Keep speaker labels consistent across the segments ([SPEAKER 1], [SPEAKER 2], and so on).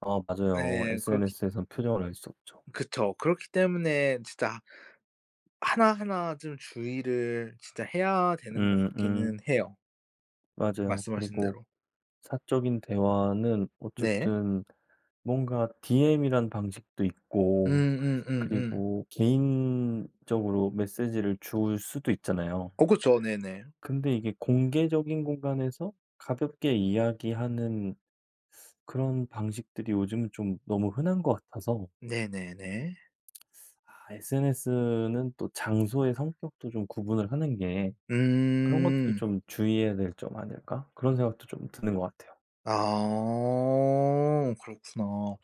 [SPEAKER 1] 어. 맞아요.
[SPEAKER 2] 예. 그렇기
[SPEAKER 1] SNS에서는 표정을 알 수 없죠.
[SPEAKER 2] 그쵸. 그렇기 때문에 진짜 하나 하나 좀 주의를 진짜 해야 되는 것
[SPEAKER 1] 음.
[SPEAKER 2] 같기는
[SPEAKER 1] 음.
[SPEAKER 2] 해요.
[SPEAKER 1] 맞아요.
[SPEAKER 2] 말씀하신
[SPEAKER 1] 그리고
[SPEAKER 2] 대로.
[SPEAKER 1] 사적인 대화는
[SPEAKER 2] 네.
[SPEAKER 1] 어쨌든 뭔가 DM이란 방식도 있고
[SPEAKER 2] 음음음음.
[SPEAKER 1] 그리고 개인적으로 메시지를 줄 수도 있잖아요.
[SPEAKER 2] 어 그쵸. 네네.
[SPEAKER 1] 근데 이게 공개적인 공간에서 가볍게 이야기하는 그런 방식들이 요즘은 좀 너무 흔한 것 같아서
[SPEAKER 2] 네네네.
[SPEAKER 1] '아 SNS는 또 장소의 성격도 좀 구분을 하는 게 그런 것들이
[SPEAKER 2] 음.
[SPEAKER 1] 좀 주의해야 될 점 아닐까?' 그런 생각도 좀 드는 것 같아요.
[SPEAKER 2] 아. 그렇구나.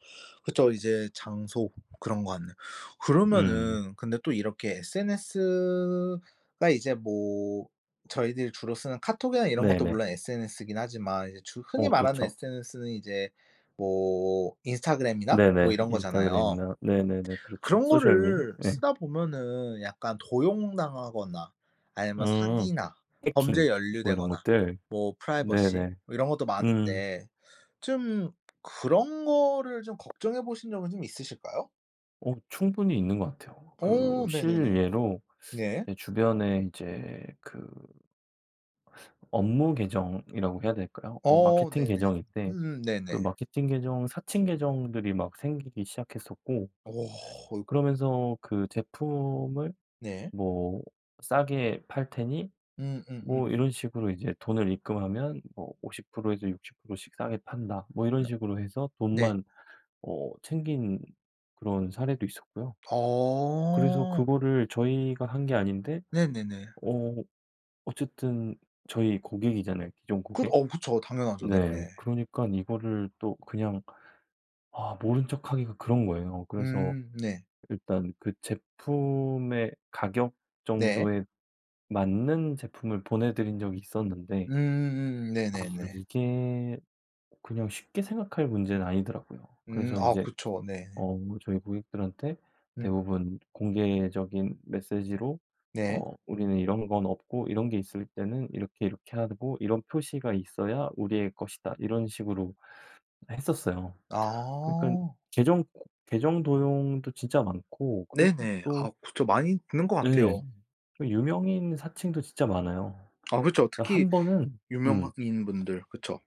[SPEAKER 2] 그쵸. 이제 장소 그런 것 같네요.
[SPEAKER 1] 음.
[SPEAKER 2] 그러면은 근데 또 이렇게 SNS가 이제 뭐 저희들이 주로 쓰는 카톡이나 이런 것도
[SPEAKER 1] 네네.
[SPEAKER 2] 물론 SNS긴 하지만 이제 주 흔히
[SPEAKER 1] 어.
[SPEAKER 2] 말하는
[SPEAKER 1] 그렇죠.
[SPEAKER 2] SNS는 이제 뭐 인스타그램이나 뭐
[SPEAKER 1] 네네.
[SPEAKER 2] 이런 거잖아요.
[SPEAKER 1] 인스타그램이나 네네네. 그렇죠.
[SPEAKER 2] 그런
[SPEAKER 1] 소셜 미디어.
[SPEAKER 2] 거를
[SPEAKER 1] 네.
[SPEAKER 2] 쓰다 보면은 약간 도용당하거나 아니면
[SPEAKER 1] 음.
[SPEAKER 2] 사기나 범죄에
[SPEAKER 1] 해킹 뭐 이런
[SPEAKER 2] 연루되거나
[SPEAKER 1] 것들.
[SPEAKER 2] 뭐 프라이버시
[SPEAKER 1] 네네.
[SPEAKER 2] 뭐 이런 것도
[SPEAKER 1] 음.
[SPEAKER 2] 많은데 좀 그런 거를 좀 걱정해 보신 적은 좀 있으실까요?
[SPEAKER 1] 어 충분히 있는 것 같아요. 그
[SPEAKER 2] 어.
[SPEAKER 1] 실
[SPEAKER 2] 네네네.
[SPEAKER 1] 예로
[SPEAKER 2] 네.
[SPEAKER 1] 제 주변에 이제 그 업무 계정이라고 해야 될까요? 어
[SPEAKER 2] 어.
[SPEAKER 1] 마케팅
[SPEAKER 2] 네네.
[SPEAKER 1] 계정인데
[SPEAKER 2] 음.
[SPEAKER 1] 그
[SPEAKER 2] 네네.
[SPEAKER 1] 마케팅 계정 사칭 계정들이 막 생기기 시작했었고
[SPEAKER 2] 어이고.
[SPEAKER 1] 그러면서 그 "제품을
[SPEAKER 2] 네.
[SPEAKER 1] 뭐 싸게 팔 테니" 뭐
[SPEAKER 2] 음음음.
[SPEAKER 1] 이런 식으로 이제 "돈을 입금하면 뭐 50 프로에서 60 프로씩 싸게 판다." 뭐 이런
[SPEAKER 2] 네.
[SPEAKER 1] 식으로 해서
[SPEAKER 2] 네.
[SPEAKER 1] 돈만 어 챙긴 그런 사례도 있었고요. 그래서
[SPEAKER 2] 어.
[SPEAKER 1] 그거를 저희가 한 게 아닌데
[SPEAKER 2] 네네네.
[SPEAKER 1] 어 어쨌든 저희 고객이잖아요 기존
[SPEAKER 2] 그
[SPEAKER 1] 고객.
[SPEAKER 2] 어 그쵸. 당연하죠.
[SPEAKER 1] 네
[SPEAKER 2] 네네.
[SPEAKER 1] 그러니깐 이거를 또 그냥 아 모른 척하기가 그런 거예요. 그래서
[SPEAKER 2] 음. 네.
[SPEAKER 1] 일단 그 제품의 가격
[SPEAKER 2] 네.
[SPEAKER 1] 정도에 맞는 제품을 보내 드린 적이 있었는데
[SPEAKER 2] 음음.
[SPEAKER 1] 아
[SPEAKER 2] 네네네.
[SPEAKER 1] 이게 그냥 쉽게 생각할 문제는 아니더라고요.
[SPEAKER 2] 음.
[SPEAKER 1] 그래서
[SPEAKER 2] 아
[SPEAKER 1] 인제
[SPEAKER 2] 그쵸. 네.
[SPEAKER 1] 어 저희 고객들한테
[SPEAKER 2] 음.
[SPEAKER 1] 대부분 공개적인 메시지로
[SPEAKER 2] 네.
[SPEAKER 1] 어 '우리는 이런 건 없고 이런 게 있을 때는 이렇게 이렇게 하고 이런 표시가 있어야 우리의 것이다.' 이런 식으로 했었어요. 그러니깐
[SPEAKER 2] 아.
[SPEAKER 1] 계정 계정 도용도 진짜 많고 그리고
[SPEAKER 2] 네네.
[SPEAKER 1] 또
[SPEAKER 2] 아 그쵸. 많이 듣는 것
[SPEAKER 1] 네.
[SPEAKER 2] 같아요.
[SPEAKER 1] 유명인 사칭도 진짜 많아요.
[SPEAKER 2] 아 그쵸. 특히
[SPEAKER 1] 한번은
[SPEAKER 2] 유명한
[SPEAKER 1] 음.
[SPEAKER 2] 인 분들 그쵸.